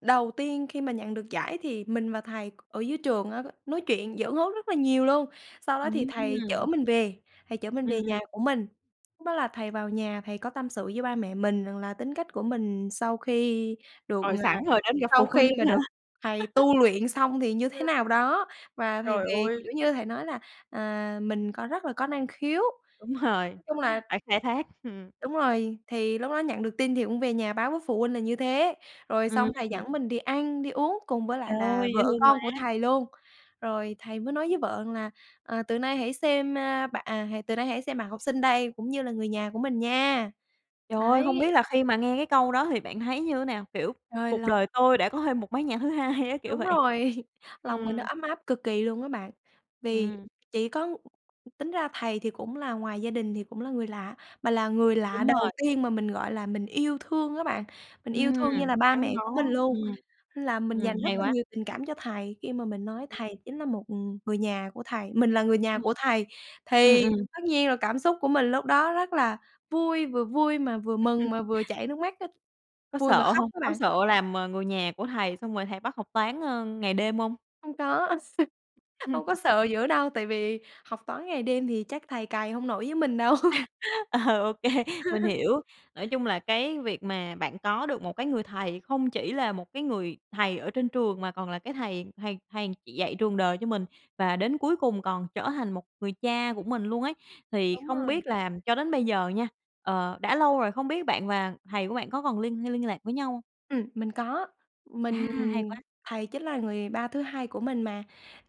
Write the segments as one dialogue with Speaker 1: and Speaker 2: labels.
Speaker 1: Đầu tiên khi mà nhận được giải thì mình và thầy c ở dưới trường á, c nói chuyện giỡn hớt rất là nhiều luôn, sau đó thì thầy chở
Speaker 2: Ừm.
Speaker 1: mình về, thầy chở mình
Speaker 2: Ừm,
Speaker 1: về nhà
Speaker 2: ừm.
Speaker 1: của mình. Lúc đó là thầy vào nhà, thầy có tâm sự với ba mẹ mình rằng là tính cách của mình sau khi được
Speaker 2: Rồi, sẵn
Speaker 1: à,
Speaker 2: rồi đến gặp
Speaker 1: sau
Speaker 2: phụ huynh
Speaker 1: khi mà
Speaker 2: luôn á hả?
Speaker 1: được thầy tu luyện xong thì như thế
Speaker 2: Ừm.
Speaker 1: nào đó, và thầy
Speaker 2: Trời
Speaker 1: về,
Speaker 2: ơi!
Speaker 1: kiểu như, thầy nói là, à, mình có rất là có năng khiếu,
Speaker 2: Đúng rồi,
Speaker 1: nói chung là
Speaker 2: phải khai thác. Hừm.
Speaker 1: Đúng rồi. Thì lúc đó nhận được tin thì cũng về nhà báo với phụ huynh là như thế, rồi
Speaker 2: Ừm.
Speaker 1: xong thầy dẫn mình đi ăn, đi uống cùng với lại là
Speaker 2: Trời, dễ
Speaker 1: vợ
Speaker 2: thương quá!
Speaker 1: con của thầy luôn. Rồi thầy mới nói với vợ rằng là "Ờ, từ nay hãy xem, a, bạ à, hà từ nay hãy xem bạn học sinh đây cũng như là người nhà của mình nha."
Speaker 2: Trời ơi, hông biết
Speaker 1: Đấy.
Speaker 2: là khi mà nghe cái câu đó thì bạn thấy như nào? Kiểu,
Speaker 1: Hơi
Speaker 2: cuộc
Speaker 1: lâu.
Speaker 2: đời tôi đã có thêm một mái nhà thứ hai á? Kiểu
Speaker 1: Đúng
Speaker 2: vậy.
Speaker 1: rồi, lòng mình nó
Speaker 2: Ừm.
Speaker 1: ấm áp cực kỳ luôn á bạn. Vì
Speaker 2: Ừm.
Speaker 1: chỉ có tính ra thầy thì cũng là ngoài gia đình thì cũng là người lạ, mà là người lạ
Speaker 2: Đúng
Speaker 1: đầu
Speaker 2: rồi.
Speaker 1: tiên mà mình, gọi là, mình yêu thương á bạn, mình yêu
Speaker 2: Ừm,
Speaker 1: thương như là ba
Speaker 2: gắn
Speaker 1: mẹ của
Speaker 2: bó,
Speaker 1: mình luôn.
Speaker 2: ừm,
Speaker 1: Là mình
Speaker 2: ừm.
Speaker 1: dành rất
Speaker 2: Hay
Speaker 1: là
Speaker 2: quá.
Speaker 1: nhiều tình cảm cho thầy khi mà mình nói thầy chính là một, ừm, người nhà của thầy mình là người nhà
Speaker 2: Ừm,
Speaker 1: của thầy. Thì
Speaker 2: ừm.
Speaker 1: tất nhiên là cảm xúc của mình lúc đó rất là vui, vừa vui mà vừa mừng mà vừa chảy nước mắt á,
Speaker 2: Có
Speaker 1: vui mà
Speaker 2: sợ
Speaker 1: khóc
Speaker 2: hông?
Speaker 1: á
Speaker 2: Có
Speaker 1: bạn.
Speaker 2: sợ làm, ờ, người nhà của thầy xong rồi thầy bắt học toán, a, ngày đêm hông?
Speaker 1: Hông có, hông có sợ dữ đâu, tại vì học toán ngày đêm thì chắc thầy cày hông nổi với mình đâu.
Speaker 2: Ờ, OK, mình hiểu, nói chung là cái việc mà bạn có được một cái người thầy không chỉ là một cái người thầy ở trên trường mà còn là cái thầy thầy thầy dạy trường đời cho mình, và đến cuối cùng còn trở thành một người cha của mình luôn ấy. Thì
Speaker 1: Đúng
Speaker 2: không
Speaker 1: rồi.
Speaker 2: biết là cho đến bây giờ nha, ờ, đã lâu rồi, không biết bạn và thầy của bạn có còn liên hay liên lạc với nhau hông?
Speaker 1: Ừm, mình có,
Speaker 2: À,
Speaker 1: mình
Speaker 2: hay quá!
Speaker 1: thầy chính là người ba thứ hai của mình mà,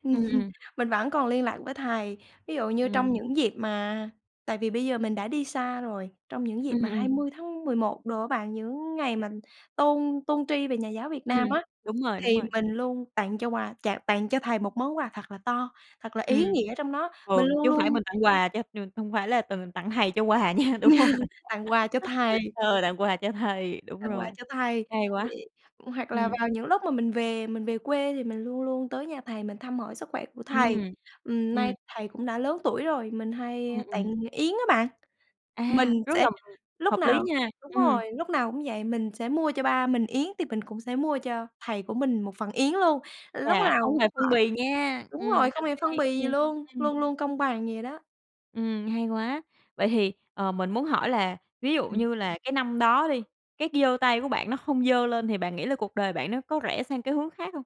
Speaker 1: ừm hừm,
Speaker 2: Ừm.
Speaker 1: mình vẫn còn liên lạc với thầy. Ví dụ như trong
Speaker 2: Ừm.
Speaker 1: những dịp mà tại vì bây giờ mình đã đi xa rồi, trong những dịp
Speaker 2: Ừm
Speaker 1: mà hai
Speaker 2: ừm.
Speaker 1: mươi tháng mười một đồ á bạn, những ngày mà tôn tôn tri về nhà giáo Việt
Speaker 2: Ừm,
Speaker 1: Nam á,
Speaker 2: đúng rồi, đúng
Speaker 1: thì
Speaker 2: rồi.
Speaker 1: mình luôn tặng cho quà chạ tặng cho thầy một món quà thật là to, thật là
Speaker 2: Ừm,
Speaker 1: ý nghĩa trong đó,
Speaker 2: ừ,
Speaker 1: mình luôn
Speaker 2: chứ hông phải
Speaker 1: luôn
Speaker 2: mình tặng quà cho ch hông phải là t tặng thầy cho quà nha, đúng hông?
Speaker 1: Tặng quà cho thầy.
Speaker 2: Ờ, tặng quà cho thầy, đúng
Speaker 1: Tặng quà
Speaker 2: rồi,
Speaker 1: cho thầy,
Speaker 2: hay quá.
Speaker 1: thì ừm, hoặc là
Speaker 2: Ừm.
Speaker 1: vào những lúc mà mình về mình về quê thì mình luôn luôn tới nhà thầy mình thăm hỏi sức khỏe của thầy,
Speaker 2: Ừm,
Speaker 1: ừm, nay
Speaker 2: ừm.
Speaker 1: thầy cũng đã lớn tuổi rồi. Mình hay,
Speaker 2: Ừm,
Speaker 1: a,
Speaker 2: ừm.
Speaker 1: tặng yến á bạn. Mình
Speaker 2: À, rất
Speaker 1: sẽ
Speaker 2: là, ừm,
Speaker 1: lúc
Speaker 2: hợp lý
Speaker 1: nào
Speaker 2: nha,
Speaker 1: đúng
Speaker 2: ừm.
Speaker 1: rồi, lúc nào cũng vậy, mình sẽ mua cho ba mình yến thì mình cũng sẽ mua cho thầy của mình một phần yến luôn, lúc
Speaker 2: Chà, không
Speaker 1: lào
Speaker 2: hề phân bì nha!
Speaker 1: đúng
Speaker 2: Ừm,
Speaker 1: rồi, không
Speaker 2: rất
Speaker 1: hề phân
Speaker 2: hay,
Speaker 1: bì gì
Speaker 2: ừm,
Speaker 1: luôn,
Speaker 2: ừm.
Speaker 1: luôn luôn công bằng vậy đó.
Speaker 2: Ừm, hay quá, vậy thì, ờ, mình muốn hỏi là ví dụ
Speaker 1: Ừm.
Speaker 2: như là cái năm đó đi, cái c giơ tay của bạn nó không giơ lên thì bạn nghĩ là cuộc đời bạn nó có rẽ sang cái hướng khác hông?